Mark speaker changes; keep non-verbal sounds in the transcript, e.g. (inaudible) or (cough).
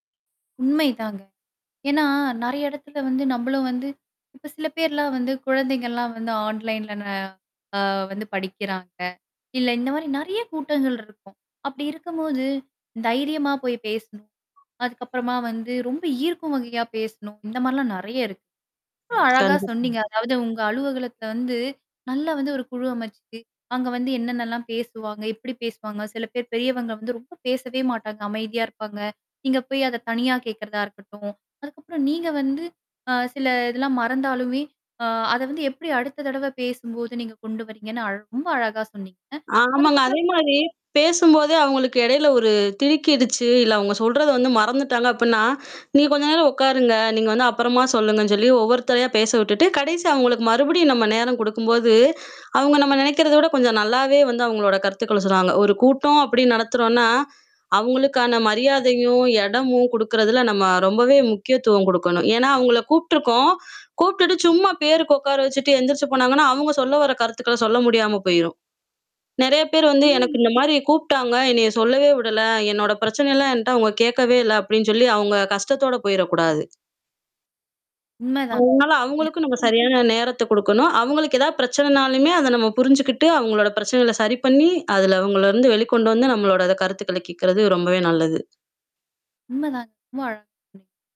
Speaker 1: உண்மைதாங்க. ஏன்னா நிறையா எடத்துல வந்து நம்பளும் வந்து இப்ப சில பேர்லாம் வந்து குழந்தைங்கலாம் வந்து online ந, அ, வந்து படிக்குறாங்க இல்ல, இந்த மாரி நெறையா கூட்டங்கள் இருக்கும். அப்டி இருக்கும்போது, தைரியமா போய் பேசணும். அதுக்கப்பறமா வந்து, ரொம்ப ஈர்க்கும் வகையா பேசணும் இந்த மாரிலாம் நெறையா இருக்கு ரொம்ப அழகா சொன்னீங்க
Speaker 2: (unintelligible)
Speaker 1: அதாவது உங்க அலுவலகத்த வந்து, நல்லா வந்து ஒரு குழு அமச்சு அங்க வந்து என்னான்னலாம் பேசுவாங்க? எப்டி பேசுவாங்க? சில பேர் பெரியவங்க வந்து ரொம்ப பேசவே மாட்டாங்க, அமைதியா இருப்பாங்க. நீங்க போய் அத தனியா கேட்கறதா இருக்கட்டும், அதுக்கப்றம் நீங்க வந்து, அ சில இதெல்லாம் மறந்தாலுமே, அ அத வந்து எப்டி அடுத்த தடவ பேசும்போது நீங்க கொண்டு வரீங்கன்னு, அழக் ரொம்ப அழகா சொன்னீங்க
Speaker 2: ஆமாங்க.
Speaker 1: அதுக்கப்பறம் (unintelligible)
Speaker 2: அதேமாரி, பேசும்போதே அவுங்களுக்கு எடையில ஒரு திருக்கிடுச்சு, இல்ல அவுங்க சொல்றத வந்து மறந்துட்டாங்க அப்புன்னா, (sighs) "நீங்க கொஞ்ச நேரம் ஒக்காருங்க நீங்க வந்து அப்பறமா சொல்லுங்கன்னு" சொல்லி ஒவ்வொருத்தரயா பேச விட்டுட்டு, கடைசியா அவுங்களுக்கு மறுபடியும் நம்ம நேரம் குடுக்கும்போது, அவுங்க நம்ம நெனைக்கிறத விட கொஞ்சம் நல்லாவே வந்து அவுங்களோட கருத்துக்கள சொன்னாங்க. "ஒரு கூட்டம்" அப்டின் நடத்துறோன்னா, அவுங்களுக்கான மரியாதையும், எடமும் கொடுக்குறதுல, நம்ம ரொம்பவே முக்கியத்துவம் குடுக்கணும். ஏன்னா, அவுங்கள கூப்ட்டுருக்கோம் கூப்டுட்டு, சும்மா பேருக்கு ஒக்கார வச்சிட்டு, எந்திரிச்சு போனாங்கன்னா அவுங்க சொல்ல வர கருத்துக்கள சொல்ல முடியாம போயிரும். நெறையா பேர் வந்து, "எனக்கு
Speaker 1: ம்.
Speaker 2: இந்த மாரி கூப்டாங்க, என்னைய சொல்லவே விடல. என்னோட பிரச்சனல்லாம் என்ட்ட அவுங்க கேட்கவே இல்ல" அப்டின் சொல்லி, அவுங்க கஷ்டத்தோட போயிரக்கூடாது.
Speaker 1: உண்மதான்.
Speaker 2: அதனால அவுங்களுக்கும் நம்ம
Speaker 1: (unintelligible)
Speaker 2: சரியான நேரத்த குடுக்கணும். அவுங்களுக்கு எதாவது பிரச்சனனாலுமே அத நம்ம புரிஞ்சுகிட்டு, அவுங்களோட பிரச்சனகள சரி பண்ணீ, அதுல இருந்து அவுங்கள வெளிக்கொண்டு வந்து, நம்மளோடத கருத்துக்கள கேக்கறது ரொம்பவே நல்லது.
Speaker 1: உண்ம தான். ரொம்ப அழகா சொன்னீங்க.